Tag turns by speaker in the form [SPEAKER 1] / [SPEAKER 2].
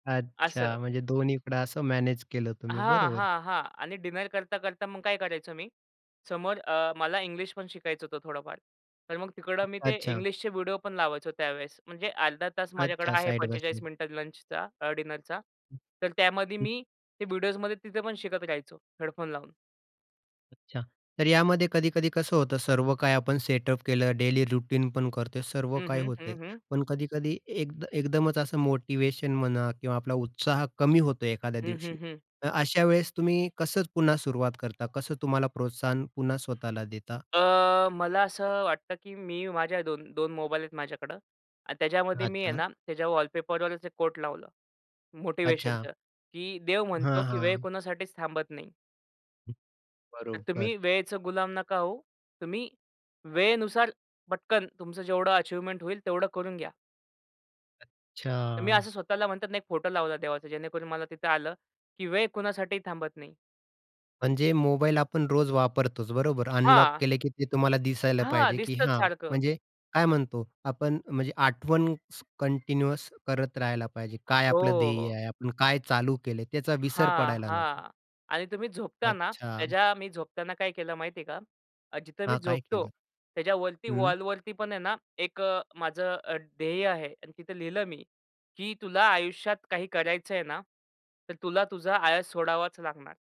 [SPEAKER 1] असं.
[SPEAKER 2] अच्छा, म्हणजे दोन्हीकडं असं मॅनेज केलं तुम्ही,
[SPEAKER 1] हां,
[SPEAKER 2] बरोबर?
[SPEAKER 1] हां, हां. आणि डिनर करता, करता मग काय करायचो मी समोर अ, मला इंग्लिशपण शिकायचं होतं थोडंफार. तर मग तिकडं मी ते
[SPEAKER 2] अच्छा.
[SPEAKER 1] इंग्लिशचे व्हिडिओपण लावायचो त्यावेळेस. म्हणजे अर्धा तास माझ्याकडं
[SPEAKER 2] अच्छा,
[SPEAKER 1] आहे
[SPEAKER 2] साइड बाय
[SPEAKER 1] 45
[SPEAKER 2] साइड.
[SPEAKER 1] मिनिटं लंचचा अ, डिनरचा. तर त्यामध्ये
[SPEAKER 2] हं.
[SPEAKER 1] मी ते व्हिडिओसमध्ये तिथे पण शिकत राहायचो हेडफोन लावून.
[SPEAKER 2] अच्छा. तर यामध्ये कधी-कधी कसं होतं सर्व काही आपण सेटअप केलं, डेली रुटीन पण करतोय, सर्व
[SPEAKER 1] हं,
[SPEAKER 2] काही
[SPEAKER 1] हं, हं,
[SPEAKER 2] होतंय.
[SPEAKER 1] हं.
[SPEAKER 2] पण कधी-कधी एक एकदमच असं मोटिव्हेशन म्हणा किंवा आपला उत्साह कमी होतो एखाद्या
[SPEAKER 1] हं,
[SPEAKER 2] दिवशी.
[SPEAKER 1] हं, हं.
[SPEAKER 2] अशा वेळेस तुम्ही कसं पुन्हा सुरुवात करता, कसं तुम्हाला प्रोत्साहन पुन्हा स्वतःला देता?
[SPEAKER 1] अ, मला असं अ, वाटतं की मी माझ्या 2 2 मोबाईल आहेत माझ्याकडं आणि त्याच्यामध्ये मी आहे
[SPEAKER 2] अच्छा.
[SPEAKER 1] ना त्याच्या वॉलपेपरवर असे कोट लावलं
[SPEAKER 2] अच्छा.
[SPEAKER 1] मोटिव्हेशनचं, की देव म्हणतो
[SPEAKER 2] हां,
[SPEAKER 1] की वेळ
[SPEAKER 2] हां.
[SPEAKER 1] कोणासाठीच थांबत नाही. तर तुम्ही
[SPEAKER 2] बरोबर.
[SPEAKER 1] वेळेचं गुलाम नका होऊ. तुम्ही वेळेनुसार पटकन तुमचं जेवढं अचिव्हमेंट होईल तेवढं करून घ्या. तर मी
[SPEAKER 2] अच्छा.
[SPEAKER 1] असं स्वतःला म्हणतात ना एक फोटो लावला देवाचा, जेणेकरून मला तिथं आलं की वेळ कुणासाठीही थांबत नाही.
[SPEAKER 2] म्हणजे मोबाईल आपण रोज वापरतोच, बरोबर? अनलॉक
[SPEAKER 1] हां.
[SPEAKER 2] केले की ते तुम्हाला दिसायला
[SPEAKER 1] हां,
[SPEAKER 2] पाहिजे की
[SPEAKER 1] दिसतच
[SPEAKER 2] हां,
[SPEAKER 1] सारखं.
[SPEAKER 2] म्हणजे काय म्हणतो आपण म्हणजे आठवण कंटिन्युअस करत राहायला पाहिजे. काय
[SPEAKER 1] हो,
[SPEAKER 2] आपलं ध्येय
[SPEAKER 1] हो.
[SPEAKER 2] आहे? आपण काय चालू केलंय? त्याचा विसर
[SPEAKER 1] हां,
[SPEAKER 2] पडायला नको.
[SPEAKER 1] हां. आणि तुम्ही झोपता ना
[SPEAKER 2] अच्छा.
[SPEAKER 1] त्याच्या मी झोपताना काय केलं माहितीये का? अ, जिथे मी
[SPEAKER 2] हां, काय
[SPEAKER 1] झोपतो
[SPEAKER 2] केलं?
[SPEAKER 1] त्याच्यावरती,
[SPEAKER 2] हं.
[SPEAKER 1] वॉलवरती पण आहे ना एक अ, माझं अ, ध्येय आहे आणि तिथे लिहिलं मी की तुला आयुष्यात काही करायचंय ना तर तुला तुझा आळस सोडावाच लागणार.